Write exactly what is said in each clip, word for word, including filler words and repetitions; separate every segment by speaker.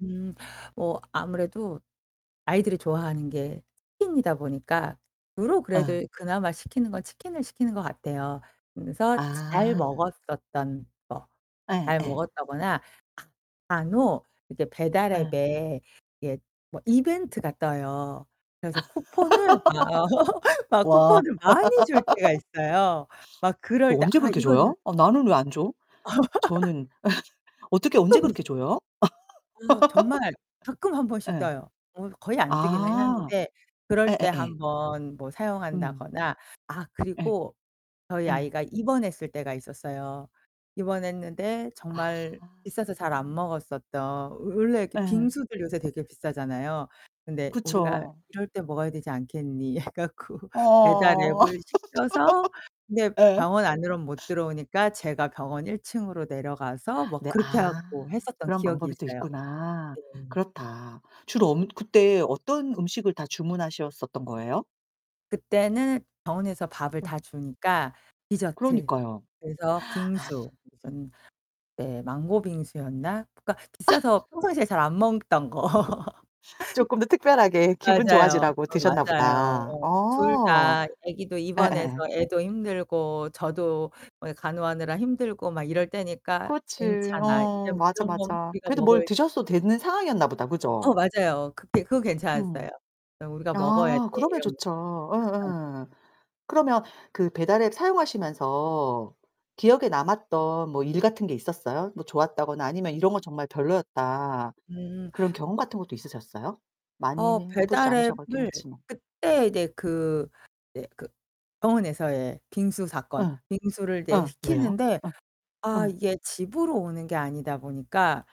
Speaker 1: 음 뭐 아무래도 아이들이 좋아하는 게 치킨이다 보니까 주로 그래도
Speaker 2: 아.
Speaker 1: 그나마 시키는 건 치킨을 시키는 것 같아요. 그래서 자 잘
Speaker 2: 아.
Speaker 1: 먹었었던 거.
Speaker 2: 예
Speaker 1: 잘
Speaker 2: 예.
Speaker 1: 먹었다거나 간혹 이제 배달
Speaker 2: 예.
Speaker 1: 앱에 이게 뭐 이벤트가 떠요. 그래서 쿠폰을 막 막
Speaker 2: 와
Speaker 1: 쿠폰을 많이 줄 때가 있어요. 막
Speaker 2: 그
Speaker 1: 그럴 때
Speaker 2: 언제
Speaker 1: 아
Speaker 2: 그렇게
Speaker 1: 이거는
Speaker 2: 줘요? 어 나는 왜 안 줘? 저는 어떻게 언제 그렇게
Speaker 1: [unintelligible]
Speaker 2: 줘요?
Speaker 1: 어 정말 가끔 한 번씩
Speaker 2: 예.
Speaker 1: 떠요. 뭐 거의 안 뜨기는
Speaker 2: 아
Speaker 1: 하는데 그럴 때
Speaker 2: 예예예.
Speaker 1: 한 번 뭐
Speaker 2: 음.
Speaker 1: 사용한다거나 아
Speaker 2: 예.
Speaker 1: 그리고 저희
Speaker 2: 예.
Speaker 1: 아이가 입원했을 때가 있었어요. 입원했는데
Speaker 2: 아.
Speaker 1: 정말 비싸서 잘 안 먹었었던 워 원래 이렇게
Speaker 2: 예.
Speaker 1: 빙수들 요새 되게 비싸잖아요. 근데' 우리가
Speaker 2: 그쵸.
Speaker 1: 이럴 때 먹어야 되지 않겠니.' 해 갖고 배달
Speaker 2: 어.
Speaker 1: 앱을 시켜서 근데
Speaker 2: 예.
Speaker 1: 병원 안으론 못 들어오니까 제가 병원 일 층으로 내려가서 뭐
Speaker 2: 네
Speaker 1: 그렇게
Speaker 2: 아
Speaker 1: 하고 했었던
Speaker 2: 그런
Speaker 1: 기억이
Speaker 2: 방법이 또
Speaker 1: 있어요.
Speaker 2: 있구나.
Speaker 1: 네.
Speaker 2: 그렇다. 주로 엄 그때 어떤 음식을 다 주문하셨었던 거예요?
Speaker 1: 그때는 병원에서 밥을
Speaker 2: 어.
Speaker 1: 다 주니까 디저트.
Speaker 2: 그러니까요.
Speaker 1: 그래서
Speaker 2: 아.
Speaker 1: 빙수 무슨 네 망고 빙수였나? 그니까 비싸서 평상시에 잘 안 먹던 거.
Speaker 2: 쪼끔 더 특별하게 기분
Speaker 1: 맞아요.
Speaker 2: 좋아지라고
Speaker 1: 어 맞아요.
Speaker 2: 드셨나보다.
Speaker 1: 어. 둘
Speaker 2: 어.
Speaker 1: 다 애기도 입원해서
Speaker 2: 예예예.
Speaker 1: 애도 힘들고 저도 뭐 간호하느라 힘들고 막 이럴 때니까
Speaker 2: 그렇지.
Speaker 1: '괜찮아. 이제
Speaker 2: 어 맞아
Speaker 1: 이런 건
Speaker 2: 맞아.
Speaker 1: 우리가
Speaker 2: 그래도 뭘
Speaker 1: 먹을'
Speaker 2: 드셨어도 되는 상황이었나보다.
Speaker 1: 어
Speaker 2: 그죠?
Speaker 1: 맞아요. 그때 그거
Speaker 2: 음.
Speaker 1: 괜찮았어요. 그냥 '우리가 먹어야
Speaker 2: 아
Speaker 1: 돼.'
Speaker 2: 그러면
Speaker 1: 이러면서.
Speaker 2: 좋죠.
Speaker 1: [unintelligible]
Speaker 2: 어어. 그러면 그 배달 앱 사용하시면서 기억에 남았던 뭐 일 같은 게 있었어요? 뭐 좋았다거나 아니면 '이런거 정말 별로였다.'
Speaker 1: 음.
Speaker 2: 그런 경험 같은 것도 있으셨어요? 많이
Speaker 1: 어
Speaker 2: 해 보시지
Speaker 1: 배달
Speaker 2: 않으셔 갔긴
Speaker 1: 앱을
Speaker 2: 했지만.
Speaker 1: 그때 이제 그 이제 그 병원에서의 빙수
Speaker 2: 어.
Speaker 1: 사건. 빙수를 이제
Speaker 2: 어. 왜요?
Speaker 1: 시키는데
Speaker 2: 어.
Speaker 1: 아
Speaker 2: 어.
Speaker 1: 이게 집으로 오는 게 아니다 보니까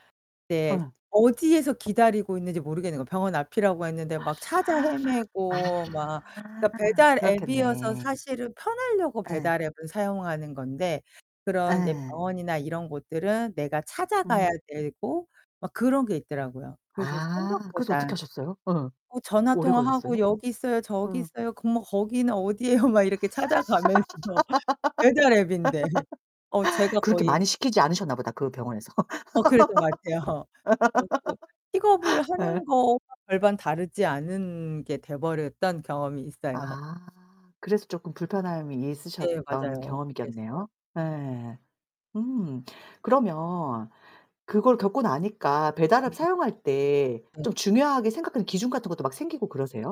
Speaker 1: 이제
Speaker 2: 어.
Speaker 1: 어디에서 기다리고 있는지 모르겠는거야. 병원 앞이라고 했는데 막 찾아 헤매고 막 그니까
Speaker 2: 아
Speaker 1: 배달 앱이어서
Speaker 2: 그렇겠네.
Speaker 1: 사실은 편하려고
Speaker 2: 예.
Speaker 1: 배달 앱을 사용하는 건데 그런 이제
Speaker 2: 예.
Speaker 1: 병원이나 이런 곳들은 내가 찾아가야
Speaker 2: 음.
Speaker 1: 되고 막 그런 게 있더라고요. 그래서
Speaker 2: 아 그래서
Speaker 1: 생각보다.
Speaker 2: 어떻게 하셨어요? 어.
Speaker 1: 뭐 전화
Speaker 2: 오래
Speaker 1: 통화하고
Speaker 2: 걸렸어요?
Speaker 1: '여기 있어요. 저기
Speaker 2: 어.
Speaker 1: 있어요. 그럼 뭐 거기는 어디에요.' 막 이렇게 찾아가면서 배달 앱인데. 어 제가
Speaker 2: 그렇게 많이
Speaker 1: 거의
Speaker 2: 시키지 않으셨나 보다 그 병원에서.
Speaker 1: 어 그랬던 것 같아요. 그래 가지고 픽업을
Speaker 2: 예.
Speaker 1: 하는 거와 별반 다르지 않은 게 돼 버렸던 경험이 있어요.
Speaker 2: 아 그래서 쪼끔 불편함이
Speaker 1: 네
Speaker 2: 있으셨던
Speaker 1: 맞아요.
Speaker 2: 경험이겠네요.
Speaker 1: 그랬어요.
Speaker 2: 네. 음. 그러면 그걸 겪고 나니까 배달 앱
Speaker 1: 음
Speaker 2: 사용할 때 좀
Speaker 1: 음.
Speaker 2: 중요하게 생각하는 기준 같은 것도 막 생기고 그러세요?